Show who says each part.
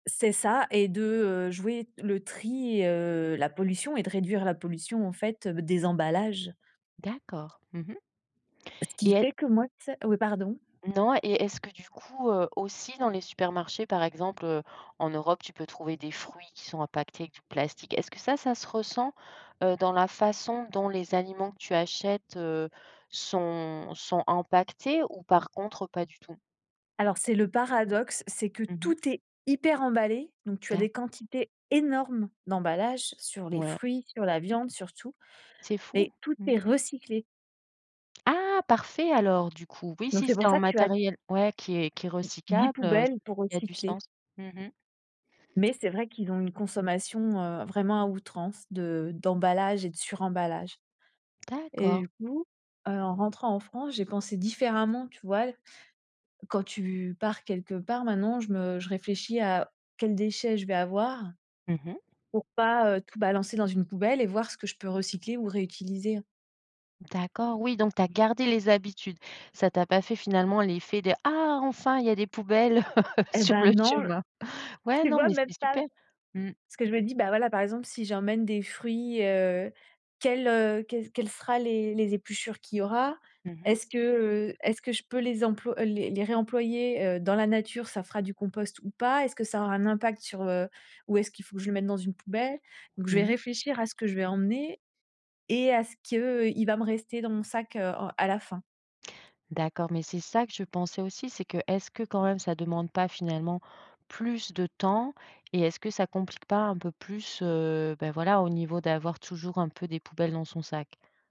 Speaker 1: C'est ça et de, heu, jouer t le tri, heu, la pollution et de réduire la pollution, en fait, des emballages.
Speaker 2: D'accord, mmh mh.
Speaker 1: Ce qui
Speaker 2: Et est
Speaker 1: fait que moi, tu sais oui, pardon?
Speaker 2: Non, et est-ce que du coup, heu, aussi dans les supermarchés, par exemple, heu, en Europe. Tu peux trouver des fruits qui sont empaquetés avec du plastique. Est-ce que ça, ça se ressent, heu, dans la façon dont les aliments que tu achètes, heu, sont sont empaquetés ou par contre, pas du tout?
Speaker 1: Alors, c'est le paradoxe. C'est que
Speaker 2: Mmh mh.
Speaker 1: tout est hyper emballé. Donc, tu as des
Speaker 2: D'accord.
Speaker 1: quantités énormes, d'emballages, sur les
Speaker 2: Ouais.
Speaker 1: fruits, sur la viande surtout,
Speaker 2: C'est fou,
Speaker 1: et tout
Speaker 2: mmh.
Speaker 1: est recyclé.
Speaker 2: Ah! Parfait, alors du coup, oui
Speaker 1: Donc,
Speaker 2: si
Speaker 1: c'est
Speaker 2: c'est
Speaker 1: pour
Speaker 2: en
Speaker 1: ça que tu as
Speaker 2: matériel ouais qui est qui est
Speaker 1: d dix
Speaker 2: recyclable, heu,
Speaker 1: poubelles pour
Speaker 2: il y a du
Speaker 1: recycler.
Speaker 2: sens. Mmh mh.
Speaker 1: Mais c'est vrai, qu'ils ont une consommation, heu, vraiment à outrance, de d'emballage et de suremballage. Et
Speaker 2: D'accord.
Speaker 1: du coup, heu, en rentrant en France. J'ai pensé différemment, tu vois? Quand, tu pars quelque part, maintenant, je me je réfléchis à quels déchets je vais avoir.
Speaker 2: Mmh mh.
Speaker 1: Pour pas, heu, tout balancer dans une poubelle et voir ce que je peux recycler ou réutiliser.
Speaker 2: D'accord, oui, donc, tu as gardé les habitudes. Ça t'as pas fait finalement l'effet des ah enfin, il y a des poubelles
Speaker 1: Eh
Speaker 2: sur
Speaker 1: ben,
Speaker 2: le
Speaker 1: non
Speaker 2: chemin. Ouais
Speaker 1: Tu
Speaker 2: non,
Speaker 1: vois
Speaker 2: mais
Speaker 1: même
Speaker 2: c'est
Speaker 1: pas!
Speaker 2: super. Mmh.
Speaker 1: Ce que je me dis, bah voilà. Par exemple, si j'emmène des fruits, heu, quelles, heu, quel quelles sera les les épluchures, qu'il y aura?
Speaker 2: Mmh mh.
Speaker 1: Est-ce que, heu, est-ce que je peux les employ les les réemployer, heu, dans la nature, ça fera du compost ou pas? Est-ce que ça aura un impact, sur heu, où est-ce qu'il faut que je le mette dans une poubelle? Donc, je vais
Speaker 2: Mmh mh.
Speaker 1: réfléchir à ce que je vais emmener et à ce que, heu, il va me rester dans mon sac, heu, en à la fin.
Speaker 2: D'accord, mais c'est ça que je pensais aussi, c'est que, est-ce que quand même, ça demande pas finalement, plus de temps? Et est-ce que, ça complique pas un peu plus, heu, bah voilà, au niveau d'avoir toujours un peu des poubelles dans son sac?